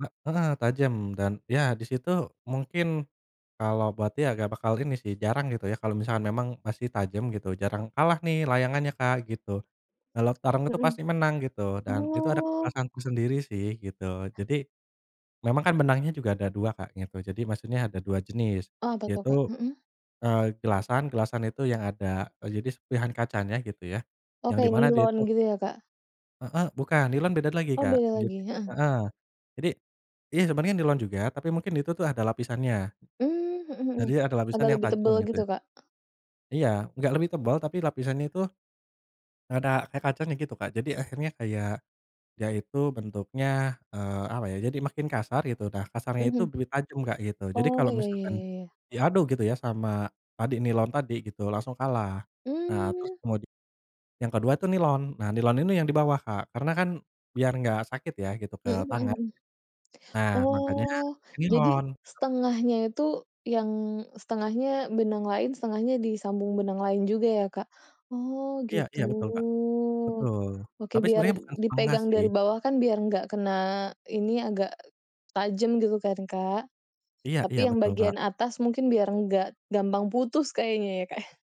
He heeh, tajem dan ya di situ mungkin kalau buat dia nggak bakal ini sih jarang gitu ya kalau misalkan memang masih tajam gitu jarang, kalah nih layangannya Kak, gitu. Kalau tarung itu Mhm. pasti menang gitu dan itu ada Oh. kepuasanku sendiri sih, gitu. Jadi memang kan benangnya juga ada 2 Kak gitu, jadi maksudnya ada 2 jenis Apa tuh, yaitu, Kak? Mhm. eee, gelasan, gelasan itu yang ada e jadi serpihan kacannya gitu ya, Oh yang di kayak mana dia itu nilon gitu ya, Kak? Heeh bukan, nilon beda lagi, Oh Kak. beda Jadi lagi, heeh. heeh, jadi iya, sebenarnya nilon juga tapi mungkin itu tuh ada lapisannya. Mmm, mhm mhm. Jadi ada lapisan Agak yang lebih tajam tebal gitu. gitu, Kak? Iya, enggak lebih tebel tapi lapisannya itu ada kayak kacanya gitu, Kak. Jadi akhirnya kayak dia itu bentuknya, eee, apa ya, jadi makin kasar gitu, nah kasarnya itu Mhm. duri tajam Kak, gitu. Jadi Oh, kalau iya iya misalkan iya iya. diadu gitu ya sama tadi nilon tadi gitu langsung kalah, nah terus Mmm. kemudi yang kedua tuh nilon. Nah nilon ini yang di bawah Kak, karena kan biar nggak sakit ya gitu ke Mhm mhm tangan, mhm. nah makanya Oh, pakai jadi nilon. 1/2-nya itu, yang 1/2-nya benang lain, 1/2-nya disambung benang lain juga ya, Kak? Oh Iya gitu. iya, betul Kak, betul. Oke Tapi biar sebenarnya bukan 1/2 dipegang sih. dari bawah kan biar enggak kena ini agak tajam gitu kan, Kak. Iya Tapi iya, yang betul, Kak. bagian atas mungkin biar enggak gampang putus kayaknya ya Kak?